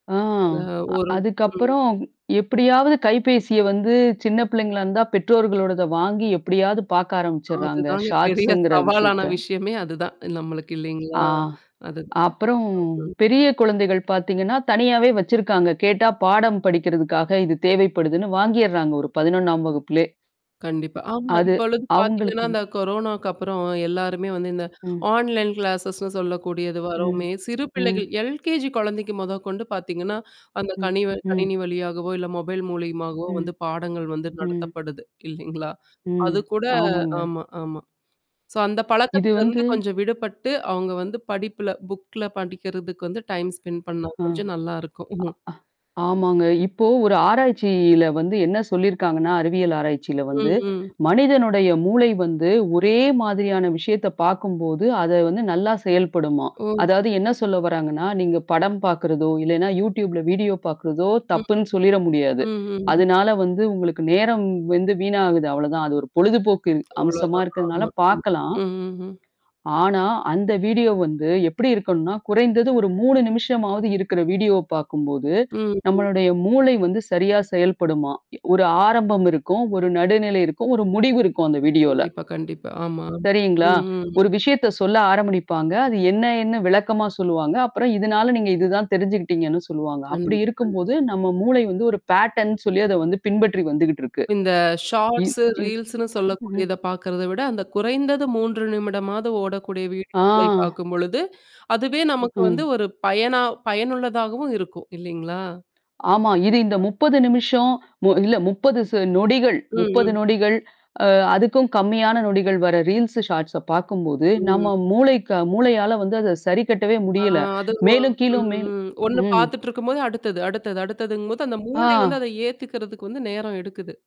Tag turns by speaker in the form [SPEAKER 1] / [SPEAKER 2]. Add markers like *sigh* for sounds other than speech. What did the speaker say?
[SPEAKER 1] ஆ.
[SPEAKER 2] அ ஒரு ம்.
[SPEAKER 1] அதுக்கப்புறம் எப்படியாவது கைபேசிய வந்து சின்ன பிள்ளைங்களா இருந்தா, பெற்றோர்களோடத வாங்கி எப்படியாவது பார்க்க ஆரம்பிச்சுடுறாங்க.
[SPEAKER 2] அதுதாங்க பெரிய
[SPEAKER 1] ஷார்ட்ஸ்ங்கிற
[SPEAKER 2] சவாலான
[SPEAKER 1] விஷயத்த.
[SPEAKER 2] விஷயமே அதுதான். நம்மளுக்கு இல்லைங்களா?
[SPEAKER 1] ஆ.
[SPEAKER 2] அது.
[SPEAKER 1] அப்புறம்
[SPEAKER 2] ம்.
[SPEAKER 1] பெரிய குழந்தைகள் பார்த்தீங்கன்னா, தனியாவே வச்சிருக்காங்க. கேட்டா பாடம் படிக்கிறதுக்காக இது தேவைப்படுதுன்னு வாங்கிறாங்க ஒரு 11ஆம் வகுப்பிலே.
[SPEAKER 2] கண்டிப்பா. ஆமா.
[SPEAKER 1] அது
[SPEAKER 2] இப்பொழுது பார்த்தீங்கன்னா,
[SPEAKER 1] அவங்களுக்குன்
[SPEAKER 2] இந்த கொரோனாவுக்கு அப்புறம் எல்லாருமே வந்து இந்த
[SPEAKER 1] ம்.
[SPEAKER 2] ஆன்லைன் கிளாஸஸ்ன்னு சொல்லக்கூடியது
[SPEAKER 1] ம்.
[SPEAKER 2] வரோமே, சிறு பிள்ளைகள்
[SPEAKER 1] ம்.
[SPEAKER 2] எல்கேஜி குழந்தைக்கு மொதற்கொண்டு பார்த்தீங்கன்னா, அந்த
[SPEAKER 1] ம்.
[SPEAKER 2] கணிவ
[SPEAKER 1] ம்.
[SPEAKER 2] கணினி வழியாகவோ, இல்ல மொபைல் மூலியமாகவோ
[SPEAKER 1] ம்.
[SPEAKER 2] வந்து பாடங்கள் வந்து
[SPEAKER 1] ம்.
[SPEAKER 2] நடத்தப்படுது. இல்லைங்களா?
[SPEAKER 1] ம்.
[SPEAKER 2] அது கூட
[SPEAKER 1] ஆமாங்க.
[SPEAKER 2] ஆமா ஆமா. சோ அந்த
[SPEAKER 1] இது
[SPEAKER 2] பழக்கத்தில இருந்து
[SPEAKER 1] வந்து
[SPEAKER 2] கொஞ்சம் விடுபட்டு அவங்க வந்து படிப்பில புக்ல படிக்கிறதுக்கு வந்து டைம் ஸ்பெண்ட் பண்ணா
[SPEAKER 1] அ.
[SPEAKER 2] கொஞ்சம் நல்லாருக்கும். *chuckles*
[SPEAKER 1] ஆ ஆமாங்க. இப்போ ஒரு ஆராய்ச்சியில வந்து என்ன சொல்லியிருக்காங்கன்னா, அறிவியல் ஆராய்ச்சியில வந்து
[SPEAKER 2] ம், ம்.
[SPEAKER 1] மனிதனுடைய மூளை வந்து ஒரே மாதிரியான விஷயத்த பார்க்கும்போது, அத வந்து நல்லா செயல்படுமாம்.
[SPEAKER 2] ம்.
[SPEAKER 1] அதாவது என்ன சொல்ல வராங்கன்னா, நீங்க படம் பார்க்கறதோ, இல்லன்னா YouTube வீடியோ பார்க்கறதோ
[SPEAKER 2] ம்.
[SPEAKER 1] தப்புன்னு சொல்லிற முடியாது.
[SPEAKER 2] ம்ஹ்ம்.
[SPEAKER 1] அதனால வந்து உங்களுக்கு நேரம் வந்து வீணாகுது அவ்வளோதான். அது ஒரு பொழுதுபோக்கு அம்சமா
[SPEAKER 2] அவ்ளோதான்.
[SPEAKER 1] இருக்கிறதுனால
[SPEAKER 2] ஆமா. ம்.
[SPEAKER 1] பார்கலாம்.
[SPEAKER 2] ம். ம்.
[SPEAKER 1] ஆனா, அந்த வீடியோ வந்து எப்படி இருக்கணும்னா, குறைந்தது ஒரு 3 நிமிஷமாவது இருக்கிற வீடியோவ பார்க்கும்போது,
[SPEAKER 2] ம் ம். ம்.
[SPEAKER 1] நம்மளுடைய மூளை வந்து சரியா செயல்படுமா. ஒரு ஆரம்பம் இருக்கும். ஒரு நடுநிலை இருக்கும். ஒரு முடிவு இருக்கும் அந்த வீடியோல.
[SPEAKER 2] கண்டிப்பா, கண்டிப்பா. ஆமா.
[SPEAKER 1] சரிங்களா?
[SPEAKER 2] ம் ம்.
[SPEAKER 1] ஒரு விஷயத்த சொல்ல ஆரம்பிப்பாங்க அது என்ன என்ன விளக்கமா சொல்லுவாங்க. அப்புறம் இதனால நீங்க இதுதான் தெரிஞ்சுகிட்டீங்கன்னு சொல்லுவாங்க.
[SPEAKER 2] கண்டி
[SPEAKER 1] அப்படி
[SPEAKER 2] அ.
[SPEAKER 1] இருக்கும்போது நம்ம மூளை வந்து ஒரு பேட்டர்ன்னு சொல்லி அத வந்து பின்பற்றி வந்துகிட்டு இருக்கு.
[SPEAKER 2] இந்த
[SPEAKER 1] இ
[SPEAKER 2] ஷார்ட்ஸ்,
[SPEAKER 1] இ
[SPEAKER 2] ரீல்ஸ்ன்னு
[SPEAKER 1] ம்ஹ்ம்.
[SPEAKER 2] சொல்லக்கூடியத பார்க்கறத விட அந்த குறைந்தது 3 நிமிடமாவது ஓடக்கூடிய வீடியோக்களை
[SPEAKER 1] ஆ.
[SPEAKER 2] பார்க்கும்பொழுது, அதுவே நமக்கு வந்து,
[SPEAKER 1] ம்.
[SPEAKER 2] ஒரு பயனா பயனுள்ளதாகவும் இருக்கும் இல்லலைங்களா? கண்டிப்பா.
[SPEAKER 1] ஆமா. இது இந்த 30 நிமிஷம், மு இல்ல 30 நொடிகள்,
[SPEAKER 2] ம்,
[SPEAKER 1] 30
[SPEAKER 2] ம்.
[SPEAKER 1] நொடிகள், அ அதுக்கும் கம்மியான நொடிகள் வர ரீல்ஸ் ஷார்ட்ஸ் பார்க்கும்போது,
[SPEAKER 2] ம்.
[SPEAKER 1] நம்ம மூளைக்கு மூளையால வந்து அத சரிக்கட்டவே
[SPEAKER 2] ஆ
[SPEAKER 1] முடியல.
[SPEAKER 2] அது ஒ
[SPEAKER 1] மேலும்
[SPEAKER 2] ம்,
[SPEAKER 1] கீழும் மேல்
[SPEAKER 2] ம். ஒண்ணு
[SPEAKER 1] ம்.
[SPEAKER 2] பார்த்துட்டுருக்கும்போது அடுத்தது, அடுத்தது. அடுத்ததுங்கும்போது அந்த மூளை வந்து
[SPEAKER 1] ஆ.
[SPEAKER 2] அத ஏத்துக்கிறதுக்கு வந்து நேரம் எடுக்குது.